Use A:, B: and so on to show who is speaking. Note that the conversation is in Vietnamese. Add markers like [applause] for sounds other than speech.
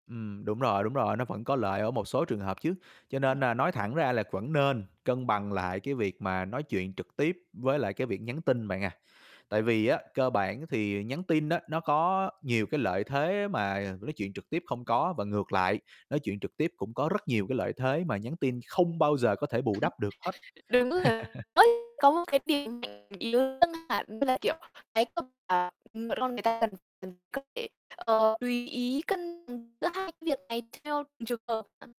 A: Ừm, đúng rồi, đúng rồi, nó vẫn có lợi ở một số trường hợp chứ, cho
B: Ừm.
A: nên nà nói thẳng ra là vẫn nên cân bằng lại cái việc mà nói chuyện trực tiếp với lại cái việc nhắn tin bạn à. Tại vì á, cơ bản thì nhắn tin á, nó có nhiều cái lợi thế mà nói chuyện trực tiếp không có và ngược lại, nói chuyện trực tiếp cũng có rất nhiều cái lợi thế mà nhắn tin không bao giờ có thể bù đắp được hết.
B: [laughs] Đúng là
A: [laughs]
B: [unintelligible] có một cái điểm mạnh yếu [unintelligible] là, kiểu, cái [unintelligible] con người ta cần cần có thể, ờ, tùy ý cân, ừm, giữa hai cái việc này theo từng trường hợp [unintelligible]